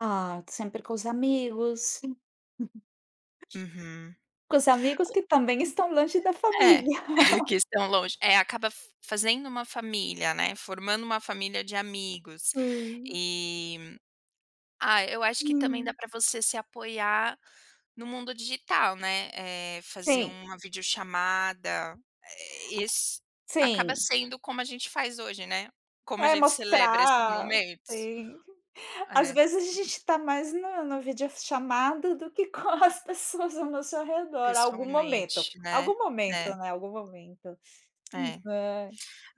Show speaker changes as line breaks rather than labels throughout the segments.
Ah, sempre com os amigos.
Uhum.
Com os amigos
Co
que também estão longe da
É,
família.
que estão longe. É, acaba f fazendo uma família, né, formando uma família de amigos.
Sim.
E, ah, eu acho que também dá
Hum.
pra você se apoiar no mundo digital, né. Eh, fazer
Tem.
uma videochamada. Esse acaba
Sim.
sendo como a gente faz hoje, né, como a
É
gente celebra esses
mostrar.
momentos.
Sim. Às
É.
vezes, a gente está mais na na videochamada do que com as pessoas ao nosso redor. Algum momento,
Pessoalmente, né.
algum momento,
É.
né, algum momento. [unintelligible]
É.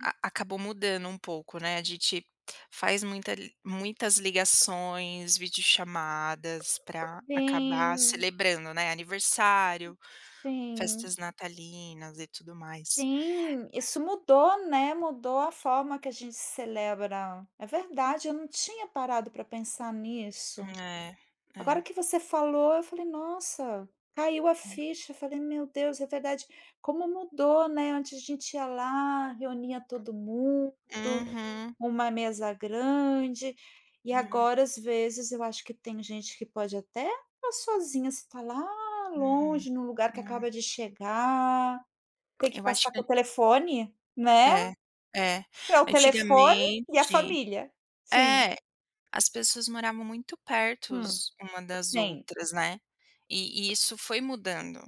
A acabou mudando um pouco, né, a gente faz muita li muitas ligações, videochamadas para acabar
Sim.
celebrando, né, aniversário,
Sim.
festas natalinas e tudo mais.
Sim. Isso mudou, né, mudou a forma que a gente celebra. É verdade, eu não tinha parado pra pensar nisso.
É,
Agora
é.
que você falou, eu falei: “Nossa "caiu a ficha, eu falei: “Meu Deus, é verdade. Como mudou, né, antes a gente ia lá, reunia todo mundo,
Uhum.
uma mesa grande". E
É.
agora, às vezes, eu acho que tem gente que pode até estar sozinha, você está lá
Uhum,
longe, em um lugar que
é.
acaba de chegar. Tem que
Eu acho
passar
que
com o telefone, né.
É, é.
É o telefone e a
Antigamente
família. Sim.
É, as pessoas moravam muito
Hum.
pertos uma das
Tem.
outras, né. E e isso foi mudando.